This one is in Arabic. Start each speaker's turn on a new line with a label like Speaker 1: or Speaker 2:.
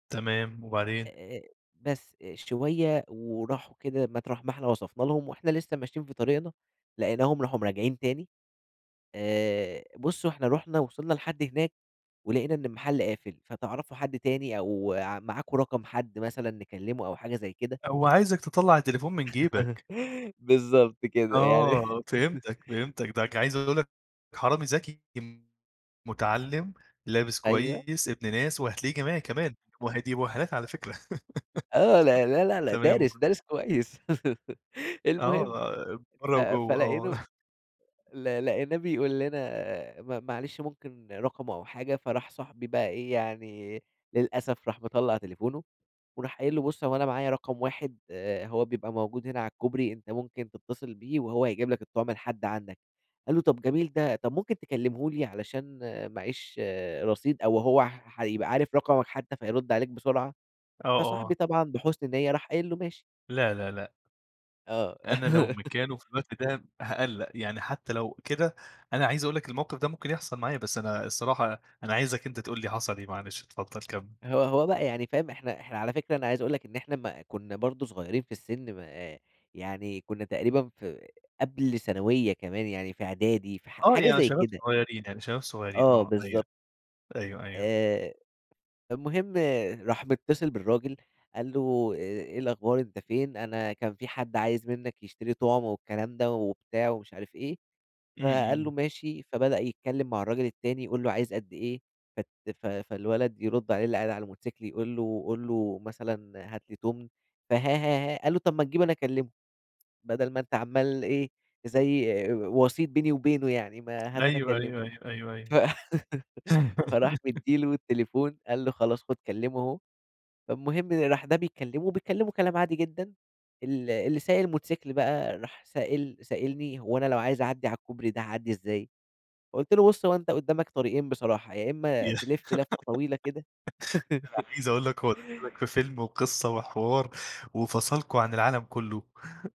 Speaker 1: تمام وبعدين؟
Speaker 2: آآ، بس، آآ، شوية وراحوا كده مطرح ما إحنا وصفنا لهم وإحنا لسّه ماشيين في طريقنا، لقيناهم راحوا م راجعين تاني. آآ، بُص هو إحنا رُحنا ووصلنا لحد هناك ولقينا إن المحل قافل، فتعرفوا حد تاني أو ع معاكم رقم حد مثلًا نكلّمه أو حاجة زي كده؟
Speaker 1: هوعايزك تطلّع التليفون من جيبك.
Speaker 2: بالضبط كده. يعني
Speaker 1: آه. فهمتك، فهمتك. ده ك عايز أقول لك حرامي ذكي ام مُتعلِّم، لابس
Speaker 2: أيوه.
Speaker 1: كويس، ابن ناس وهتلاقيه جامعي كمان وه دي مؤهّلات على فكرة.
Speaker 2: آه. لا، لا، لا، لا
Speaker 1: تمام و
Speaker 2: دارس، دارس كويس. المهم،
Speaker 1: آه.
Speaker 2: ف
Speaker 1: برّه وجوّه، آه.
Speaker 2: فلقيته ل لقيناه بيقول لنا: "م معلش ممكن رقمه أو حاجة." فراح صاحبي بقى إيه، يعني للأسف راح مطلّع تليفونه وراح قايل له: "بُص، هو أنا معايا رقم واحد هو بيبقى موجود هنا على الكوبري، أنت ممكن تتّصل بيه وهو هيجيب لك الطُعم لحد عندك." قال له: "طب جميل ده، طب ممكن تكلّمه لي علشان معاييش رصيد أو هو ح هيبقى عارف رقمك حتّى فيرُد عليك بسرعة."
Speaker 1: آه، آه.
Speaker 2: فصاحبي طبعًا بحُسن نِيّة راح قايل له: "ماشي."
Speaker 1: لا، لا، لأ.
Speaker 2: آه.
Speaker 1: أنا لو مكانه في الوقت ده هاقلّق. يعني حتّى لو كده، أنا عايز أقول لك الموقف ده ممكن يحصل معايا، بس أنا الصراحة أنا عايزك أنت تقول لي حصل إيه، معلش، اتفضّل كمِّل.
Speaker 2: هو هو بقى يعني فاهم؟ إحنا إحنا على فكرة أنا عايز أقول لك إن إحنا ما كُنّا برضه صغيرين في السِن م آآ يعني كُنّا تقريبًا في قبل ثانوية كمان، يعني في إعدادي في ح
Speaker 1: آه.
Speaker 2: حاجة
Speaker 1: يعني
Speaker 2: زي
Speaker 1: شباب
Speaker 2: كده.
Speaker 1: صغيرين، يعني شباب صغيرين
Speaker 2: آه،
Speaker 1: آه، أيوه.
Speaker 2: بالضبط.
Speaker 1: أيوه، أيوه.
Speaker 2: آآ، فالمهم راح متِّصل بالراجل، قال له: "أ إيه الأخبار أنت فين؟ أنا كان في حد عايز منّك يشتري طُعم،" والكلام ده وبتاع مش عارف إيه.
Speaker 1: إمم،
Speaker 2: فقال
Speaker 1: إمم.
Speaker 2: له: "ماشي." فبدأ يتكلّم مع الراجل التاني، يقول له عايز قد إيه فت ف فالولد يرُد عليه اللي قاعد على الموتوسيكل يقول له: "قُل له مثلًا هات لي تُمن." فها ها، ها، ها. قال له: "طب ما تجيب أنا أكلّمه، بَدَل ما أنت عمّال إيه، زي آآ، وَسِيط بيني وبينه يعني ما هات أنا
Speaker 1: أيوه،
Speaker 2: أكلّمه."
Speaker 1: أيوه، أيوه، أيوه،
Speaker 2: ف
Speaker 1: أيوه.
Speaker 2: فراح مدّي له التليفون، قال له: "خلاص خُد كلّمه أهو." فالمهم راح ده بيكلّمه وبيتكلّموا كلام عادي جدًا ال اللي سايق الموتوسيكل بقى راح سائل سائلني "هو أنا لو عايز أعدّي على الكوبري ده هاعدّي إزاي؟" قُلت له: "بُص، هو أنت قُدّامك طريقين بصراحة، يا إمّا
Speaker 1: ي
Speaker 2: تِلِف لفّة طويلة كده"
Speaker 1: أنا عايز أقول لك هو دخّلك في فيلم وقصة وحوار وفصلكم عن العالم كُلّه.